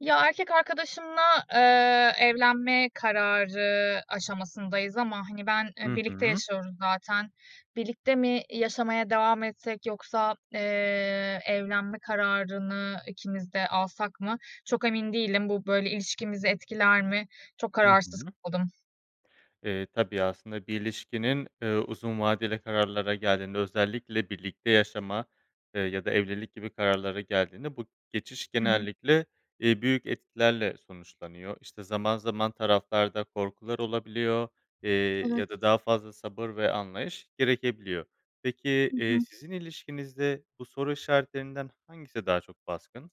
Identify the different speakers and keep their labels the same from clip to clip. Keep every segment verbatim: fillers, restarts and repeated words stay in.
Speaker 1: Ya, erkek arkadaşımla, eee, evlenme kararı aşamasındayız ama hani ben, eee,
Speaker 2: Hı
Speaker 1: birlikte
Speaker 2: hı.
Speaker 1: yaşıyoruz zaten. Birlikte mi, i yaşamaya devam etsek yoksa, eee, evlenme kararını ikimiz de alsak mı? Çok emin değilim. Bu böyle ilişkimizi etkiler mi? Çok
Speaker 2: Hı
Speaker 1: kararsız
Speaker 2: hı.
Speaker 1: kaldım.
Speaker 2: Eee, tabii, aslında bir ilişkinin, ııı, uzun vadeli kararlara geldiğinde, özellikle birlikte yaşama ya da evlilik gibi kararlara geldiğinde bu geçiş
Speaker 1: Hı hı.
Speaker 2: genellikle, iii, büyük etkilerle sonuçlanıyor. İşte, zaman zaman taraflarda korkular olabiliyor eee,
Speaker 1: Evet.
Speaker 2: ya da daha fazla sabır ve anlayış gerekebiliyor. Peki,
Speaker 1: Hı
Speaker 2: iii,
Speaker 1: hı.
Speaker 2: sizin ilişkinizde bu soru işaretlerinden hangisi daha çok baskın?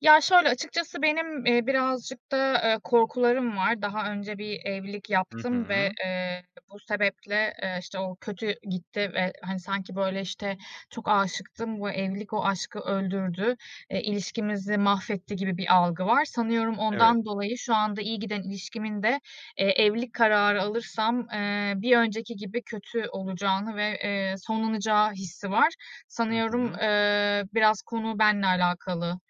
Speaker 1: Ya, şöyle, açıkçası benim, eee, birazcık da, eee, korkularım var. Daha önce bir evlilik
Speaker 2: Hı
Speaker 1: yaptım ve,
Speaker 2: hı.
Speaker 1: eee, bu sebeple, eee, işte, o kötü gitti ve, hani, sanki böyle, işte, çok âşıktım, bu evlilik o aşkı öldürdü, eee, ilişkimizi mahvetti gibi bir algı var. Sanıyorum
Speaker 2: Evet.
Speaker 1: ondan dolayı şu anda iyi giden ilişkimin de, eee, evlilik kararı alırsam, eee, bir önceki gibi kötü olacağını ve, eee, sonlanacağı hissi var.
Speaker 2: Hı
Speaker 1: Sanıyorum,
Speaker 2: hı.
Speaker 1: eee, biraz konu benle alakalı.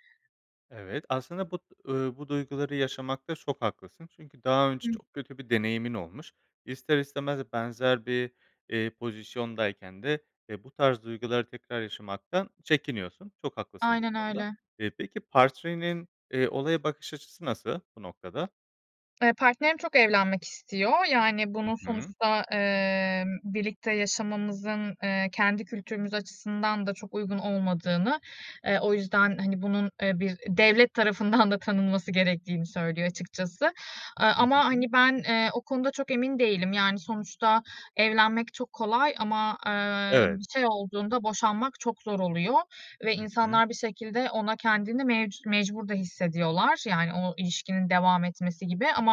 Speaker 2: Evet, aslında bu, eee, bu duyguları yaşamakta çok haklısın çünkü daha önce
Speaker 1: Hı.
Speaker 2: çok kötü bir deneyimin olmuş. İster istemez benzer bir, eee, pozisyondayken de, e, bu tarz duyguları tekrar yaşamaktan çekiniyorsun. Çok haklısın bu
Speaker 1: Aynen
Speaker 2: konuda.
Speaker 1: öyle.
Speaker 2: Eee, peki, partrenin eee, olaya bakış açısı nasıl bu noktada?
Speaker 1: Eee, partnerim çok evlenmek istiyor, yani,
Speaker 2: Hı
Speaker 1: bunun
Speaker 2: hı.
Speaker 1: sonuçta, eee, birlikte yaşamımızın, eee, kendi kültürümüz açısından da çok uygun olmadığını, eee, o yüzden, hani, bunun bir devlet tarafından da tanınması gerektiğini söylüyor, açıkçası. Aaa,
Speaker 2: Hı
Speaker 1: ama,
Speaker 2: hı.
Speaker 1: hani, ben o konuda çok emin değilim. Yani, sonuçta evlenmek çok kolay ama, ııı,
Speaker 2: Evet.
Speaker 1: bir şey olduğunda boşanmak çok zor oluyor ve
Speaker 2: Hı hı.
Speaker 1: insanlar bir şekilde ona kendini mevcu mecbur da hissediyorlar. Yani, o ilişkinin devam etmesi gibi ama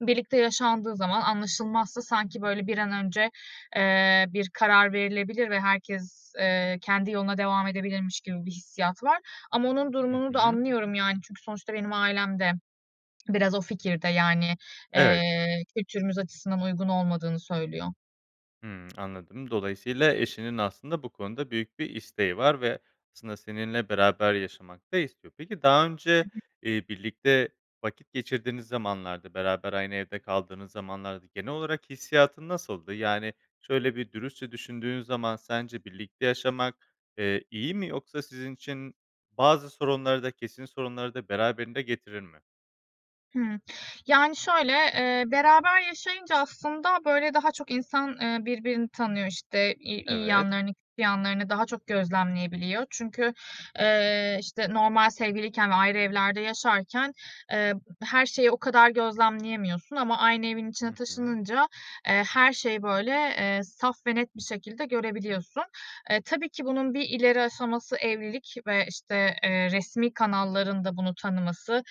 Speaker 1: birlikte yaşandığı zaman anlaşılmazsa sanki, böyle, bir an önce, eee, bir karar verilebilir ve herkes, eee, kendi yoluna devam edebilirmiş gibi bir hissiyat var. Ama onun
Speaker 2: Hı
Speaker 1: durumunu da
Speaker 2: hı.
Speaker 1: anlıyorum, yani, çünkü sonuçta benim ailem de biraz o fikirde. Yani,
Speaker 2: Evet.
Speaker 1: eee, kültürümüz açısından uygun olmadığını söylüyor.
Speaker 2: Hıı, anladım, dolayısıyla eşinin aslında bu konuda büyük bir isteği var ve aslında seninle beraber yaşamak da istiyor. Peki, daha önce
Speaker 1: [unintelligible]
Speaker 2: eee, birlikte vakit geçirdiğiniz zamanlarda, beraber aynı evde kaldığınız zamanlarda genel olarak hissiyatın nasıldı? Yani, şöyle bir dürüstçe düşündüğün zaman, sence birlikte yaşamak, eee, iyi mi yoksa sizin için bazı sorunları da, kesin sorunları da beraberinde getirir mi?
Speaker 1: Hıı. Yani, şöyle, eee, beraber yaşayınca aslında, böyle, daha çok insan, eee, birbirini tanıyor. İşte, i iyi
Speaker 2: Evet.
Speaker 1: yanlarını, kötü yanlarını daha çok gözlemleyebiliyor. Çünkü, eee, işte, normal sevgiliyken ve ayrı evlerde yaşarken, eee, her şeyi o kadar gözlemleyemiyorsun ama aynı evin
Speaker 2: Hı
Speaker 1: içine
Speaker 2: hı.
Speaker 1: taşınınca, eee, her şeyi, böyle, eee, saf ve net bir şekilde görebiliyorsun. Eee, tabii ki bunun bir ileri aşaması evlilik ve, işte, eee, resmî kanalların da bunu tanıması.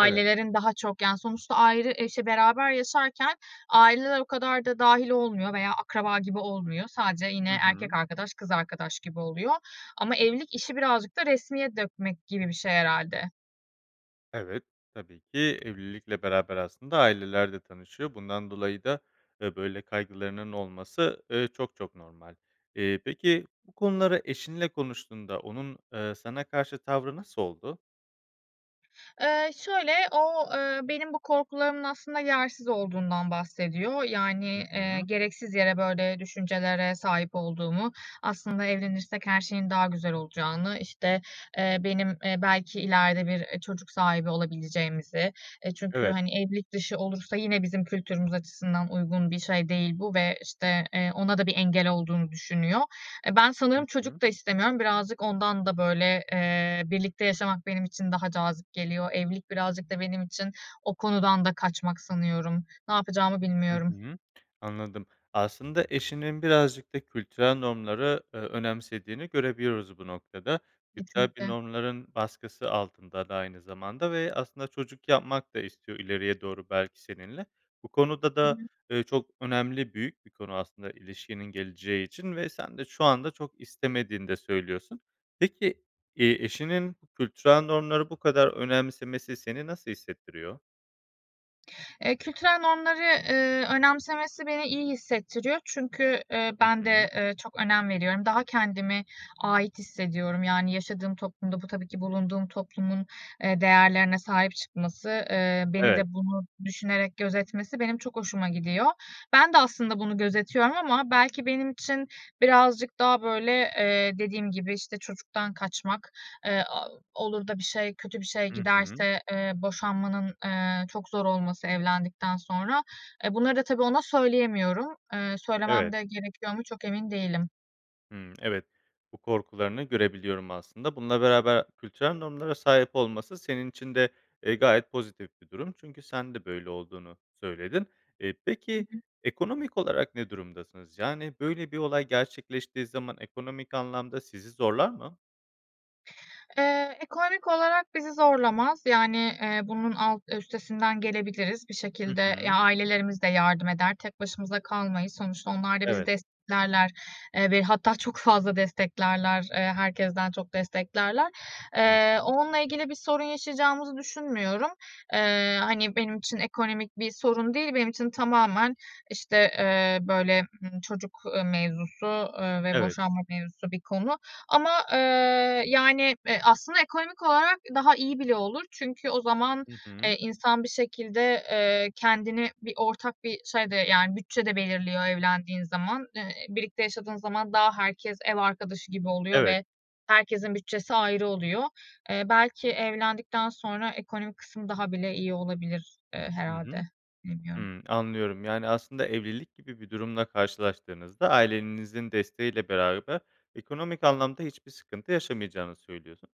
Speaker 2: Evet.
Speaker 1: daha çok, yani, sonuçta ayrı, eşi beraber yaşarken aileler o kadar da dâhil olmuyor veya akraba gibi olmuyor, sadece yine
Speaker 2: Hı
Speaker 1: erkek
Speaker 2: hı.
Speaker 1: arkadaş, kız arkadaş gibi oluyor. Ama evlilik işi birazcık da resmiye dökmek gibi bir şey herhâlde.
Speaker 2: Evet, tabii ki evlilikle beraber aslında aileler de tanışıyor. Bundan dolayı da, eee, böyle kaygılarının olması, eee, çok çok normal. Eee, peki, bu konuları eşinle konuştuğunda onun, eee, sana karşı tavrı nasıl oldu?
Speaker 1: Eee, şöyle, o, ııı, benim bu korkularımın aslında yersiz olduğundan bahsediyor, yani,
Speaker 2: Hı
Speaker 1: eee,
Speaker 2: hı.
Speaker 1: gereksiz yere böyle düşüncelere sahip olduğumu, aslında evlenirsek her şeyin daha güzel olacağını, işte, eee, benim, eee, belki ileride bir, eee, çocuk sahibi olabileceğimizi, eee, çünkü
Speaker 2: Evet.
Speaker 1: hani, evlilik dışı olursa yine bizim kültürümüz açısından uygun bir şey değil bu ve işte, eee, ona da bir engel olduğunu düşünüyor. E, ben
Speaker 2: Hı
Speaker 1: sanırım
Speaker 2: hı.
Speaker 1: çocuk da istemiyorum, birazcık ondan da böyle, eee, birlikte yaşamak benim için daha cazip geliyor, evlilik birazcık da benim için o konudan da kaçmak sanıyorum. Ne yapacağımı
Speaker 2: Hı
Speaker 1: bilmiyorum.
Speaker 2: hı, anladım. Aslında eşinin birazcık da kültürel normları ö önemsediğini görebiliyoruz bu noktada. Kültürel bir
Speaker 1: Kesinlikle.
Speaker 2: normların baskısı altında da aynı zamanda ve aslında çocuk yapmak da istiyor ileriye doğru belki seninle. Bu konuda
Speaker 1: Hı
Speaker 2: da,
Speaker 1: hı.
Speaker 2: ııı, çok önemli büyük bir konu aslında ilişkinin geleceği için ve sen de şu anda çok istemediğini de söylüyorsun. Peki, eee, eşinin kültürel normları bu kadar önemsemesi seni nasıl hissettiriyor?
Speaker 1: Eee, kültürel normları, eee, önemsemesi beni iyi hissettiriyor çünkü, eee,
Speaker 2: Hı
Speaker 1: ben de,
Speaker 2: hı.
Speaker 1: eee, çok önem veriyorum. Daha kendimi ait hissediyorum. Yani, yaşadığım toplumda, bu tabii ki bulunduğum toplumun, eee, değerlerine sahip çıkması, eee, beni
Speaker 2: Evet.
Speaker 1: de bunu düşünerek gözetmesi benim çok hoşuma gidiyor. Ben de aslında bunu gözetiyorum ama belki benim için birazcık daha böyle, eee, dediğim gibi, işte çocuktan kaçmak, eee, o olur da bir şey kötü bir şey
Speaker 2: Hı hı.
Speaker 1: giderse, eee, boşanmanın, eee, çok zor olması evlendikten sonra. Eee, bunları da tabii ona söyleyemiyorum. Eee, söylemem
Speaker 2: Evet.
Speaker 1: de gerekiyor mu, çok emin değilim.
Speaker 2: Hımm. Evet, bu korkularını görebiliyorum aslında, bununla beraber kültürel normlara sahip olması senin için de, eee, gayet pozitif bir durum, çünkü sen de böyle olduğunu söyledin. Eee,
Speaker 1: Hı
Speaker 2: peki,
Speaker 1: hı.
Speaker 2: ekonomik olarak ne durumdasınız? Yani, böyle bir olay gerçekleştiği zaman, ekonomik anlamda sizi zorlar mı?
Speaker 1: Eee, ekonomik olarak bizi zorlamaz. Yani, eee, bunun alt üstesinden gelebiliriz. Bir
Speaker 2: Hı
Speaker 1: şekilde, ya,
Speaker 2: hı.
Speaker 1: ailelerimiz de yardım eder, tek başımıza kalmayız. Sonuçta onlar da bizi
Speaker 2: Evet.
Speaker 1: desteklerler, eee, ve hatta çok fazla desteklerler, eee, herkesten çok desteklerler.
Speaker 2: Hı
Speaker 1: Eee,
Speaker 2: hı.
Speaker 1: onunla ilgili bir sorun yaşayacağımızı düşünmüyorum. Eee, hani, benim için ekonomik bir sorun değil, benim için tamamen, işte, eee, böyle, ımm, çocuk, eee, mevzusu, eee, ve
Speaker 2: Evet.
Speaker 1: boşanma mevzusu bir konu ama, eee, yani, eee, aslında ekonomik olarak daha iyi bile olur. Çünkü o zaman,
Speaker 2: Hı
Speaker 1: eee,
Speaker 2: hı.
Speaker 1: insan bir şekilde, eee, kendini bir ortak bir şey de, yani, bütçe de belirliyor evlendiğin zaman. Eee, birlikte yaşadığın zaman daha herkes ev arkadaşı gibi oluyor
Speaker 2: Evet.
Speaker 1: ve herkesin bütçesi ayrı oluyor. Eee, belki evlendikten sonra ekonomik kısmı daha bile iyi olabilir, eee,
Speaker 2: Hı
Speaker 1: herhâlde,
Speaker 2: hı.
Speaker 1: bilmiyorum.
Speaker 2: Hımm, anlıyorum. Yani, aslında evlilik gibi bir durumla karşılaştığınızda, ailenizin desteğiyle beraber ekonomik anlamda hiçbir sıkıntı yaşamayacağınızı söylüyorsun.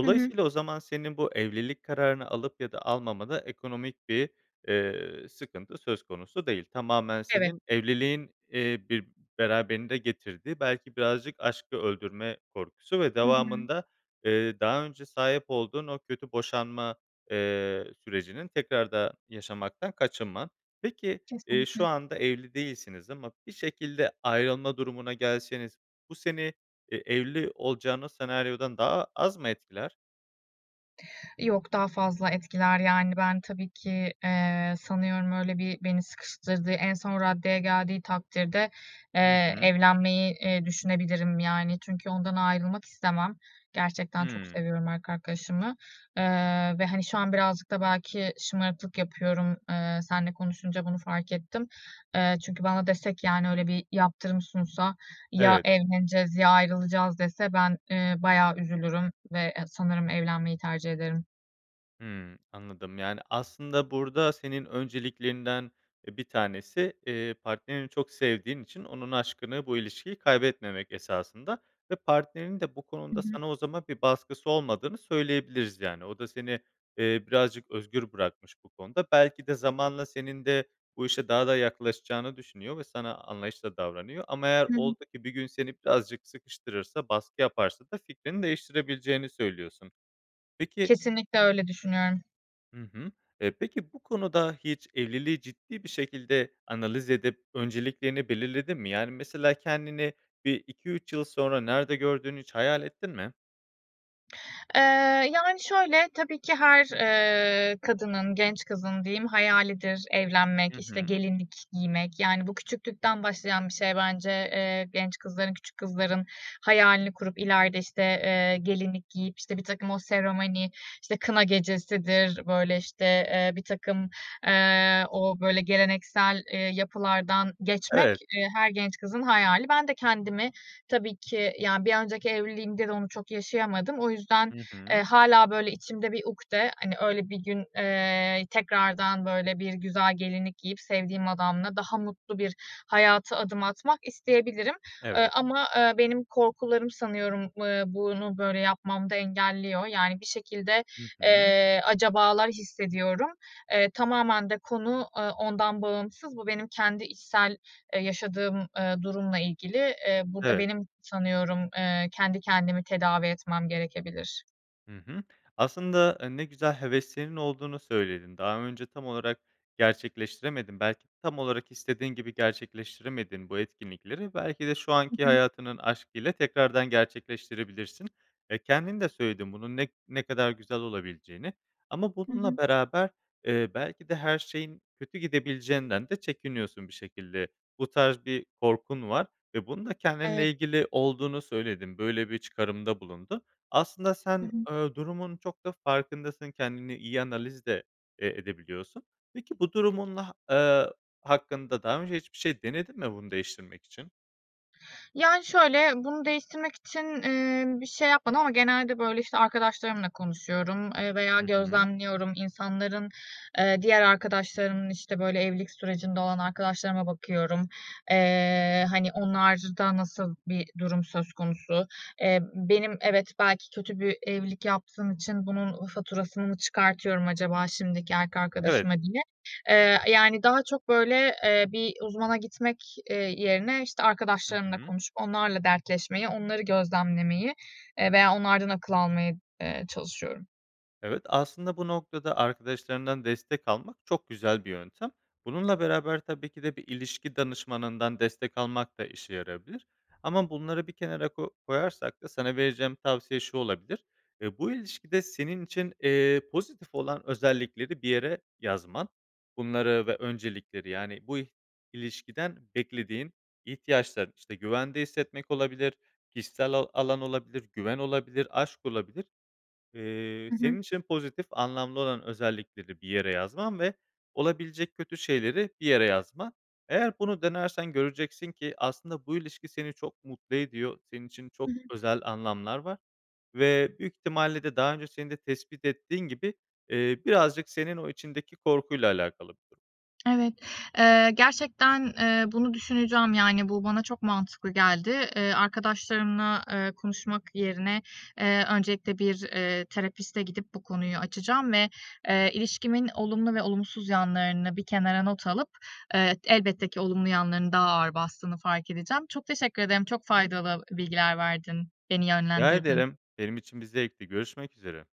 Speaker 1: Hı hı.
Speaker 2: o zaman senin bu evlilik kararını alıp ya da almamada ekonomik bir, eee, sıkıntı söz konusu değil. Tamamen
Speaker 1: Evet.
Speaker 2: senin evliliğin, eee, bir beraberinde getirdiği, belki birazcık aşkı öldürme korkusu ve
Speaker 1: Hı hı.
Speaker 2: devamında, eee, daha önce sahip olduğun o kötü boşanma, eee, sürecinin tekrarda yaşamaktan kaçınma. Peki, eee, şu
Speaker 1: Kesinlikle.
Speaker 2: anda evli değilsiniz ama bir şekilde ayrılma durumuna gelseniz bu seni e evli olacağınız senaryodan daha az mı etkiler?
Speaker 1: Yok daha fazla etkiler, yani, ben tabii ki, eee, sanıyorum öyle bir beni sıkıştırdığı en son raddeye geldiği takdirde,
Speaker 2: Hı
Speaker 1: eee,
Speaker 2: hı.
Speaker 1: evlenmeyi, eee, düşünebilirim, yani, çünkü ondan ayrılmak istemem. Gerçekten çok
Speaker 2: Hımm.
Speaker 1: seviyorum erkek arkadaşımı, eee, ve hani, şu an birazcık da belki şımarıklık yapıyorum, eee, seninle konuşunca bunu fark ettim. Eee, çünkü bana dese ki yani, öyle bir yaptırım sunsa ya
Speaker 2: Evet.
Speaker 1: evleneceğiz ya ayrılacağız dese ben, ııı, bayağı üzülürüm ve e sanırım evlenmeyi tercih ederim.
Speaker 2: Hımm. Anladım, yani, aslında burada senin önceliklerinden, eee, bir tanesi partnerini, eee, çok sevdiğin için onun aşkını, bu ilişkiyi kaybetmemek esasında ve partnerin de bu
Speaker 1: Hı
Speaker 2: konuda
Speaker 1: hı.
Speaker 2: sana o zaman bir baskısı olmadığını söyleyebiliriz. Yani, o da seni, eee birazcık özgür bırakmış bu konuda. Belki de zamanla senin de bu işe daha da yaklaşacağını düşünüyor ve sana anlayışlı da davranıyor ama eğer
Speaker 1: Hımm.
Speaker 2: oldu ki bir gün seni birazcık sıkıştırırsa, baskı yaparsa da fikrini değiştirebileceğini söylüyorsun. Peki
Speaker 1: Kesinlikle öyle düşünüyorum.
Speaker 2: Hı hı, eee, peki, bu konuda hiç evliliği ciddi bir şekilde analiz edip önceliklerini belirledin mi? Yani mesela kendini bir iki üç yıl sonra nerede gördüğünü hiç hayal ettin mi?
Speaker 1: Eee, yani şöyle, tabii ki her, eee, kadının, genç kızın diyeyim, hayalidir
Speaker 2: Hı
Speaker 1: evlenmek, işte,
Speaker 2: hı.
Speaker 1: gelinlik giymek. Yani, bu küçüklükten başlayan bir şey bence, eee, genç kızların, küçük kızların hayalini kurup ileride, işte, eee, gelinlik giyip, işte, birtakım o seremoni, işte, kına gecesidir, böyle, işte, eee, birtakım, eee, o böyle geleneksel, eee, yapılardan geçmek,
Speaker 2: Evet.
Speaker 1: e, her genç kızın hayali. Ben de kendimi tabii ki, yani, bir önceki evliliğimde de onu çok yaşayamadım. O yüzden,
Speaker 2: Hı
Speaker 1: eee,
Speaker 2: hı.
Speaker 1: hâlâ, böyle içimde bir ukte, hani, öyle bir gün, eee, tekrardan, böyle, bir güzel gelinlik giyip sevdiğim adamla daha mutlu bir hayata adım atmak isteyebilirim. E,
Speaker 2: Evet.
Speaker 1: ama, ııı, benim, ııı, korkularım sanıyorum bunu böyle yapmamda engelliyor. Yani, bir şekilde,
Speaker 2: Hı hı.
Speaker 1: eee, acabalar hissediyorum. E, tamamen de konu, e, ondan bağımsız. Bu benim kendi içsel, eee, yaşadığım, eee, durumla ilgili. Eee, burada
Speaker 2: Evet.
Speaker 1: benim, sanıyorum, eee, kendi kendimi tedavi etmem gerekebilir.
Speaker 2: Hı hı. Aslında, eee, ne güzel heveslerinin olduğunu söyledin. Daha önce tam olarak gerçekleştiremedin, belki tam olarak istediğin gibi gerçekleştiremediğin bu etkinlikleri, belki de şu
Speaker 1: Hı
Speaker 2: anki
Speaker 1: hı.
Speaker 2: hayatının aşkıyla tekrardan gerçekleştirebilirsin. E, kendin de söyledin bunun ne ne kadar güzel olabileceğini. Ama
Speaker 1: Hı
Speaker 2: bununla
Speaker 1: hı.
Speaker 2: beraber, eee, belki de her şeyin kötü gidebileceğinden de çekiniyorsun. Bir şekilde bu tarz bir korkun var ve bunu da
Speaker 1: Evet.
Speaker 2: kendinle ilgili olduğunu söyledin. Böyle bir çıkarımda bulundun. Aslında
Speaker 1: Hı
Speaker 2: sen,
Speaker 1: hı.
Speaker 2: eee, durumun çok da farkındasın, kendini iyi analiz de, eee, edebiliyorsun. Peki, bu durumunla eee, hakkında daha önce hiçbir şey denedin mi bunu değiştirmek için?
Speaker 1: Yani, şöyle, bunu değiştirmek için, eee, bir şey yapmadım ama genelde böyle, işte, arkadaşlarımla konuşuyorum, eee, veya
Speaker 2: Hı hı.
Speaker 1: gözlemliyorum. İnsanların, eee, diğer arkadaşlarımın, işte, böyle evlilik sürecinde olan arkadaşlarıma bakıyorum. Eee, hani, onlarda nasıl bir durum söz konusu? Eee, benim evet belki kötü bir evlilik yaptığım için bunun faturasını çıkartıyorum acaba şimdiki erkek
Speaker 2: Evet.
Speaker 1: arkadaşıma diye. Eee, yani, daha çok böyle, eee, bir uzmana gitmek, eee, yerine, işte,
Speaker 2: Hı
Speaker 1: arkadaşlarımla
Speaker 2: hı.
Speaker 1: konuşup onlarla dertleşmeyi, onları gözlemlemeyi, eee, veya onlardan akıl almaya, eee, çalışıyorum.
Speaker 2: Evet, aslında bu noktada arkadaşlarından destek almak çok güzel bir yöntem. Bununla beraber tabii ki de bir ilişki danışmanından destek almak da işe yarayabilir ama bunları bir kenara ko koyarsak da sana vereceğim tavsiye şu olabilir: E, bu ilişkide senin için, eee, pozitif olan özellikleri bir yere yazman. Bunları ve öncelikleri, yani, bu i ilişkiden beklediğin ihtiyaçların, işte, güvende hissetmek olabilir, kişisel ala alan olabilir, güven olabilir, aşk olabilir. Eee,
Speaker 1: Hı hı.
Speaker 2: senin için pozitif anlamlı olan özellikleri bir yere yazman ve olabilecek kötü şeyleri bir yere yazman. Eğer bunu denersen göreceksin ki aslında bu ilişki seni çok mutlu ediyor. Senin için
Speaker 1: Hı
Speaker 2: çok
Speaker 1: hı.
Speaker 2: özel anlamlar var ve büyük ihtimalle de daha önce seni de tespit ettiğin gibi, eee, birazcık senin o içindeki korkuyla alakalı
Speaker 1: Evet, eee, gerçekten, eee, bunu düşüneceğim, yani, bu bana çok mantıklı geldi. Eee, arkadaşlarımla, eee, konuşmak yerine, eee, öncelikle bir, eee, terapistle gidip bu konuyu açacağım ve, eee, ilişkimin olumlu ve olumsuz yanlarını bir kenara not alıp, eee, elbette ki olumlu yanlarının daha ağır bastığını fark edeceğim. Çok teşekkür ederim, çok
Speaker 2: Hı.
Speaker 1: faydalı ı bilgiler verdin, beni
Speaker 2: Rica
Speaker 1: yönlendirdin.
Speaker 2: ederim, benim için bir zevkti, görüşmek üzere.